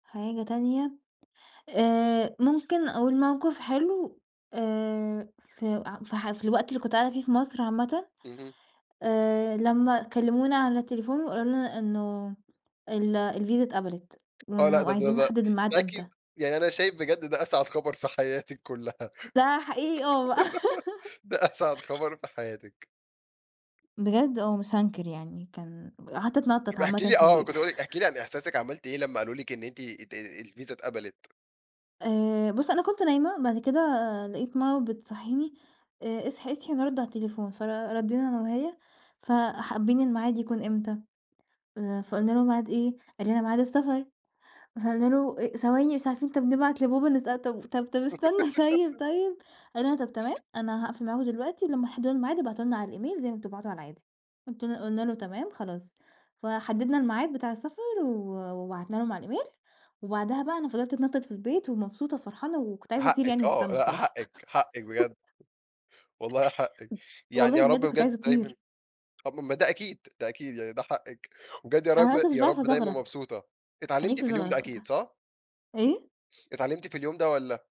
حاجة تانية آآ، ممكن أقول موقف حلو آآ، ف ف في الوقت اللي كنت قاعدة فيه في مصر عامةً اهم. آآ، لما كلمونا على التليفون، وقالوا لنا إنه ال الفيزا اتقبلت، آه لأ، وإنه ده ده عايزين ده نحدد الميعاد إمتى. أكيد. يعني أنا شايف بجد ده أسعد خبر في حياتِك كلها. ده حقيقي آه بقى. ده أسعد خبر في حياتِك. بجد آه، مش هانكر يعني كان قعدت اتنطط ابقي احكي عامةً لي في آه، البيت. كنت هاقول لِك احكي لي عن إحساسِك عملتِ إيه لما قالوا لِك إن أنتِ ات الفيزا اتقبلت؟ آآ، بُص أنا كنت نايمة بعد كده لقيت ماما بتصحيني "اصحي، اصحي نرد على التليفون" فردِّينا أنا وهي: "ف حابين الميعاد يكون إمتى؟" فقلنا له: "ميعاد إيه؟" قال لنا: "ميعاد السفر"، فقلنا له: "ثواني مش عارفين طَب نبعت لبابا نسأله، طَب طَب طَب استنى طيب طيب"، قال لنا: "طَب تمام أنا هاقفل معاكم دلوقتي لما تحددوا الميعاد ابعتوا لنا على الإيميل زي ما بتبعتوا على العادي" قلت قلنا له: "تمام خلاص". فحددنا الميعاد بتاع السفر و وبعتنا لهم على الإيميل، وبعدها بقى أنا فضِلت اتنطط في البيت ومبسوطة وفرحانة وكنت عايزة أطير حقِك يعني في آه، السما لأ، بصراحة. حقِك، حقِك بجد. والله حقِك يعني والله يا رب بجد كنت بجد عايزة دايمًا أطير. ما ده أكيد، ده أكيد يعني ده حقِك، وبجد يا رب أنا أصلًا مش يا باعرف رب دايمًا أزغرط. مبسوطة. كان اتعلمتِ نفسي في اليوم ده أزغرط أكيد، وقتها. صح؟ إيه؟ اتعلمتِ في اليوم ده والّا؟